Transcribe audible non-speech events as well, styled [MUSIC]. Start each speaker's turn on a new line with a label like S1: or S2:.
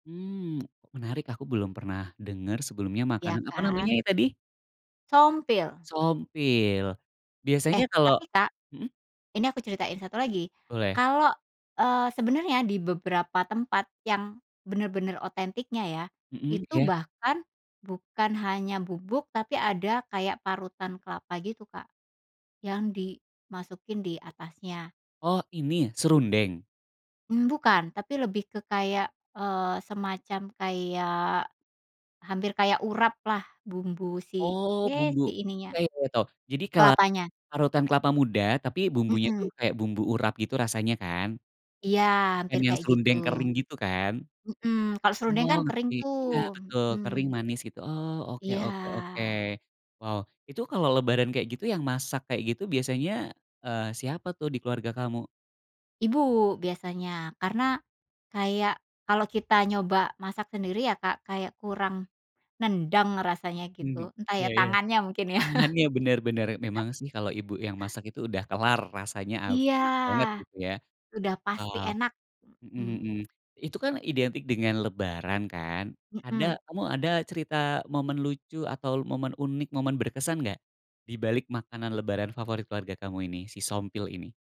S1: Mmm, menarik aku belum pernah denger sebelumnya
S2: Iya
S1: makanan apa namanya
S2: kan.
S1: ya tadi?
S2: Sompil.
S1: Sompil, biasanya
S2: Eh,
S1: kalo
S2: tapi Kak,
S1: mhm.
S2: ini aku ceritain 1 lagi,
S1: Boleh.
S2: kalau, eee, sebenarnya di beberapa tempat yang, bener-bener otentiknya ya,
S1: Mhm,
S2: itu
S1: iya.
S2: bahkan bukan hanya bubuk tapi ada kayak parutan kelapa gitu Kak, yang dimasukin di atasnya.
S1: Oh ini serundeng?
S2: Mmm, bukan tapi lebih ke kayak, eee, semacam kayak, hampir kayak uraplah bumbu si,
S1: Oh
S2: ya
S1: bumbu
S2: si ininya,
S1: iya iya tahu, jadi kela
S2: kelapanya.
S1: parutan kelapa muda tapi bumbunya tuh
S2: Mhm.
S1: kayak bumbu urat gitu rasanya kan?
S2: Iya
S1: Bukan
S2: hampir
S1: yang
S2: kayak gitu,
S1: serundeng kering gitu kan?
S2: mhm, kalau serundeng
S1: Oh
S2: kan kering
S1: ngerti,
S2: tuh,
S1: nah betul kering
S2: mhm.
S1: manis gitu, oh oke oke oke,
S2: Iya.
S1: wow itu kalo lebaran kayak gitu yang masak kayak gitu biasanya, eee, siapa tuh di keluarga kamu?
S2: Ibu biasanya karena, kayak kalau kita nyoba masak sendiri ya Kak, kayak kurang, nendang rasanya
S1: Mhm,
S2: gitu entah
S1: iya
S2: ya
S1: iya,
S2: tangannya mungkin ya?
S1: tangannya
S2: [LAUGHS]
S1: bener bener memang sih kalau ibu yang masak itu udah kelar rasanya, aw
S2: Iya,
S1: enak banget gitu ya,
S2: sudah pasti
S1: wow.
S2: enak,
S1: Mhm
S2: mhm.
S1: mhm, itu kan identik dengan lebaran kan ada
S2: Mhm.
S1: kamu ada cerita momen lucu atau momen unik momen berkesan enggak dibalik makanan lebaran favorit keluarga kamu ini si Sompil ini?